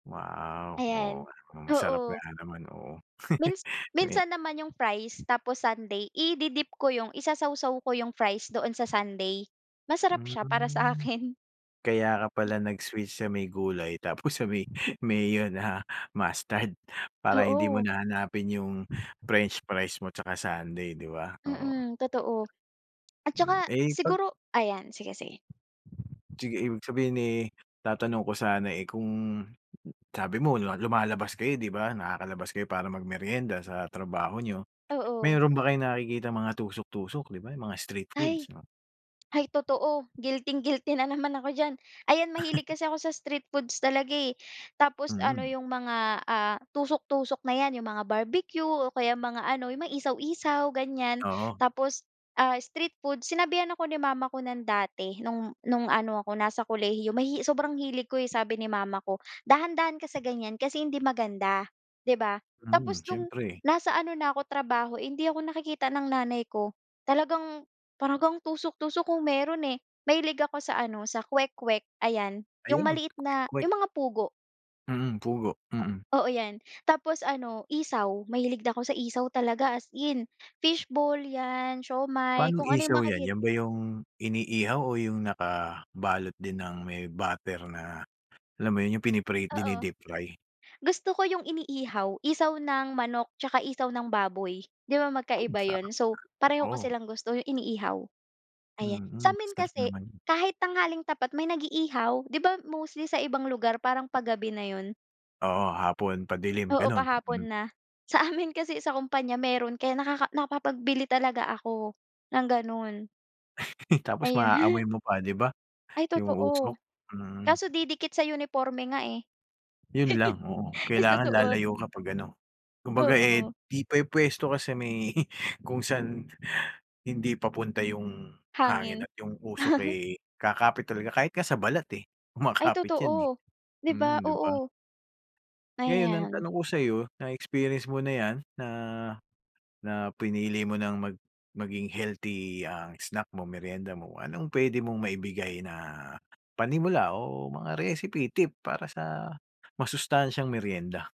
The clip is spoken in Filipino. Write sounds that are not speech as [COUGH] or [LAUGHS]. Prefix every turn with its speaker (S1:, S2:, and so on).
S1: Wow,
S2: Ayan,
S1: oo naman, masarap nga
S2: oo
S1: naman oh.
S2: Mins
S1: [CHUCKLES]
S2: minsan naman yung fries tapos sundae i-dip ko yung isasawaw ko yung fries doon sa sundae masarap siya para
S1: Hmm.
S2: sakin.
S1: Kaya ka pala nag switch sa may gulay tapos sa may mayo na mustard para hindi mo
S2: Oo.
S1: na hanapin yung french fries mo tsaka sundae di ba? Oo.
S2: Mm, totoo. At
S1: Hmm.
S2: tsaka
S1: Eh, pag
S2: siguro Ayan, sige-sige.
S1: Sige ibig sabihin, eh, tatanong ko sana, eh, kung, sabi mo lumalabas kayo di ba? Nakakalabas kayo para mag meryenda sa trabaho niyo.
S2: Oo.
S1: Meron ba kayong nakikitang mga tusok-tusok? Di ba mga street foods
S2: Ay.
S1: 'no.
S2: Ay totoo guilting-guilty na naman ako diyan, ayan mahilig
S1: [LAUGHS]
S2: kasi ako sa street foods talaga, eh. Tapos ano
S1: Mm.
S2: yung mga, ah, tusok-tusok na yan yung mga barbecue o kaya mga ano yung may isaw-isaw ganyan
S1: Oo.
S2: tapos, ah, street food sinabihan ako ni mama ko nun dati nung, nung ano ako nasa kolehiyo yung sobrang hilig ko sabi ni mama ko, dahan-dahan ka sa ganyan kasi hindi maganda, di ba
S1: Mhm,
S2: tapos nung
S1: siyempre.
S2: nasa ano na ako trabaho hindi ako nakikita ng nanay ko talagang talagang tusok-tusok kung meron, eh, mahilig ako sa ano sa kwek-kwek ayan. Yung
S1: Ayun,
S2: maliit na
S1: kwek-kwek.
S2: yung mga pugo.
S1: Mm, pugo. Mm.
S2: Oo yan tapos ano, isaw mahilig na ako sa isaw talaga as in. Fishball yan, siomai,
S1: Paanong
S2: kung ano yung
S1: isaw yan,
S2: makikit
S1: yan ba yung iniihaw o yung naka balot din ng may batter na alam mo yun yung pinipi
S2: Oo.
S1: dinideep-fry.
S2: Gusto ko yung iniihaw, isaw ng manok tsaka isaw ng baboy di ba
S1: Hmm,
S2: magkaiba yun.
S1: sarap
S2: So,
S1: nga.
S2: pareho ko
S1: Oo.
S2: silang gusto yung iniihaw, ayan.
S1: Mm,
S2: Sa'min
S1: sarap
S2: kasi
S1: naman.
S2: kahit tanghaling tapat may nag-iihaw di ba mostly sa ibang lugar parang pa-gabi na yun?
S1: Oo, hapon, padilim,
S2: Oo,
S1: ganun
S2: pa-hapon
S1: mm.
S2: na sa amin kasi sa kumpanya meron kaya nakaka nakapag-bili talaga ako ng ganun.
S1: [LAUGHS] Tapos ma-aaamoy
S2: Ayun.
S1: mo pa, di ba?
S2: Ay
S1: Yung
S2: totoo.
S1: usok, mm.
S2: Kaso didikit sa uniporme nga, eh
S1: Yun lang, oo,
S2: [LAUGHS]
S1: kailangan
S2: Isusuot.
S1: lalayo kapag ano kumbaga, eh,
S2: Oo.
S1: di pa yung pwesto kasi may kung saan hindi papunta yung hangin
S2: Hangin.
S1: at yung usok,
S2: [LAUGHS]
S1: eh, kakapit talaga kahit ka sa balat, eh,
S2: Ay
S1: kumakapit yan, eh.
S2: totoo, di
S1: Mm
S2: ba?
S1: di ba?
S2: Oo.
S1: Ngayon ang
S2: Ayan.
S1: tanong ko sayo na-experience mo na yan na, na pinili mo ng mag maging healthy ang snack mo, meryenda mo, anong pwede mong maibigay na panimula o mga recipe tip para sa masustansyang meryenda.